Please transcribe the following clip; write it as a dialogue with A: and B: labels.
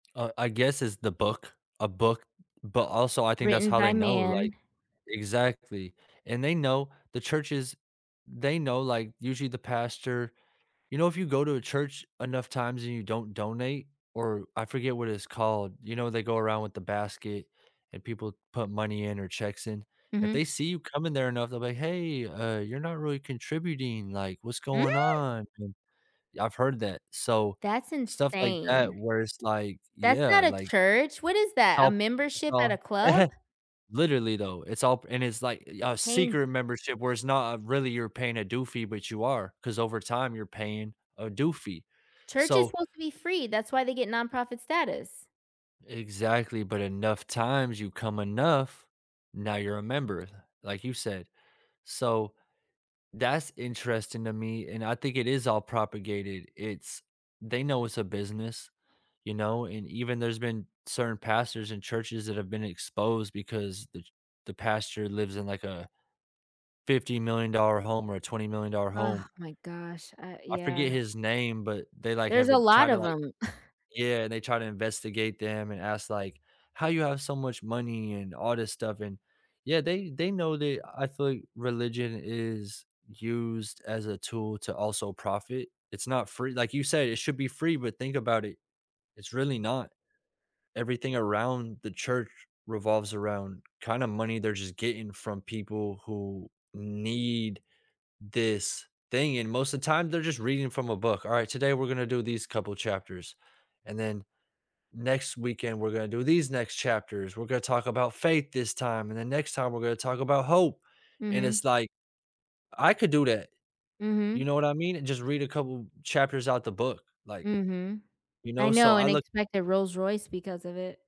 A: Uh, I guess it's the book a book, but also I think that's
B: Written
A: how
B: by
A: they know, like
B: man.
A: exactly, and they know the churches, they know, like usually the pastor you know, if you go to a church enough times and you don't donate, or I forget what it's called, you know, they go around with the basket and people put money in or checks in. If
B: Mhm.
A: they see you coming there enough, they'll be like, "Hey, uh, you're not really contributing, like, what's
B: Mm?
A: going on an" I've heard that, so,
B: That's
A: stuff like that
B: insane.
A: where it's like,
B: That's
A: yeah,
B: not a
A: like,
B: church, what is
A: it's
B: that, a
A: all it's
B: membership
A: all
B: at a club?
A: literally though, it's all p and it's like, eh, a
B: Paying g
A: secret membership where it's not really you're paying a due fee, but you are 'cause over time you're paying a due fee.
B: Church is
A: So
B: supposed to be free. That's why they get nonprofit status.
A: Exactly, but enough times, you come enough, now you're a member th like you said. So that's interesting to me and I think it is all propagated, it's they know it's a business, you know, and even there's been certain pastors and churches that have been exposed because the ch the pastor lives in like a fifty-million-dollar home or a twenty-million-dollar
B: Ugh,
A: home.
B: my gosh, uh,
A: I
B: yeah.
A: forget his name, but they, like,
B: There's
A: have
B: a
A: it try
B: lot
A: to,
B: of
A: like
B: 'em.
A: yeah, and they try to investigate them and ask, like, "How you have so much money and all this stuff," and yeah, they they know they I feel like religion is used as a tool to also profit. It's not free, like you said, it should be free, but think about it, it's really not. Everything around the church revolves around kinda money they're just getting from people who need this thing, and most of the time, they're just reading from a book. "Alright, today, we're gonna do these couple chapters, and then next weekend, we're gonna do these next chapters. We're gonna talk about faith this time, and then next time, we're gonna talk about hope." And
B: Mhm.
A: it's like, I could do that, you
B: Mhm.
A: know what I mean, and just read a couple chapters out the book, like
B: Mhm.
A: you
B: I
A: know, so
B: know,
A: I
B: and I
A: look
B: expect a Rolls Royce because of it.